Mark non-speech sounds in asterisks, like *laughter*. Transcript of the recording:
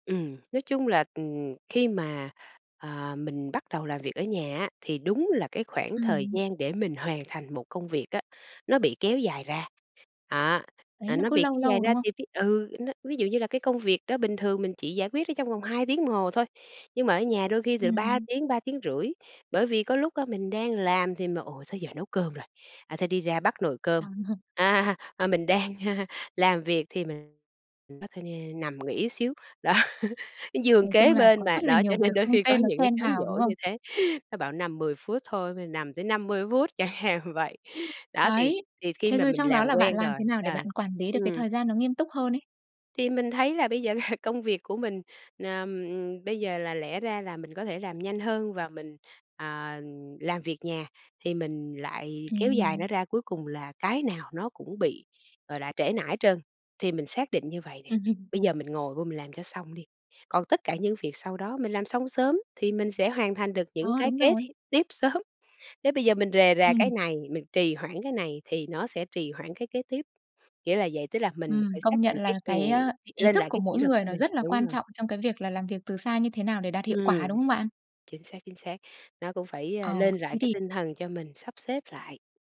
Ừm, nói chung là, ừm, khi mà, ờ, mình bắt đầu làm việc ở nhà á, thì đúng là cái khoảng thời Ừm. gian để mình hoàn thành một công việc á, nó bị kéo dài ra. Đó, Đấy, à, nó nó cứ bị lâu kéo dài lâu, đúng ra không? thì ví ừ, nó ví dụ như là cái công việc đó bình thường mình chỉ giải quyết ở trong vòng 2 tiếng đồng hồ thôi. Nhưng mà ở nhà đôi khi từ 3 Ừm. tiếng, 3,5 tiếng. Bởi vì có lúc á, mình đang làm thì mà: "Ồ, tới giờ nấu cơm rồi, à, thôi đi ra bắc nồi cơm." Trời. *laughs* À, à, mình đang, a, làm việc thì mình nói thôi, ơ, nằm nghỉ xíu, đó. Giường Nói chung kế là bên có mà, rất là đó, cho nhiều việc nên đôi không khi có tên nó những cái xen cám vào, đúng dỗ không? như thế. Nó bảo nằm 10 phút thôi, mà nằm tới 50 phút chẳng hạn vậy. Đó, thì Đấy. thì khi Thế mà rồi mình xong đó làm là bạn quen làm rồi thế nào để à, bạn quản lý được cái ừm. thời gian nó nghiêm túc hơn ấy? Thì mình thấy là bây giờ *chuckles* công việc của mình ờm, bây giờ là lẽ ra là mình có thể làm nhanh hơn và mình, ờ, làm việc nhà, thì mình lại kéo dài nó Ừm. ra, cuối cùng là cái nào nó cũng bị, gọi là, trễ nải hết trơn. Thì mình xác định như vầy nè, Ừm, ừm. bây giờ mình ngồi vô mình làm cho xong đi, còn tất cả những việc sau đó mình làm xong sớm thì mình sẽ hoàn thành được À, những cái đúng kế rồi. thi tiếp sớm. Thế bây giờ mình rề rà cái Ừm. này, mình trì hoãn cái này thì nó sẽ trì hoãn cái kế tiếp. Nghĩa là vậy, tức là mình Ừm, phải xác công định nhận là cái ừm, cái, ơ, ý ý lên thức lại của cái kỷ mỗi luật người của nó mình. rất là Đúng quan rồi. trọng trong cái việc là làm việc từ xa như thế nào để đạt hiệu Ừm, quả, đúng không bạn? chính xác, chính xác. Nó cũng phải, Ờ, ơ, lên lại thế cái thì tinh thần cho mình sắp xếp lại.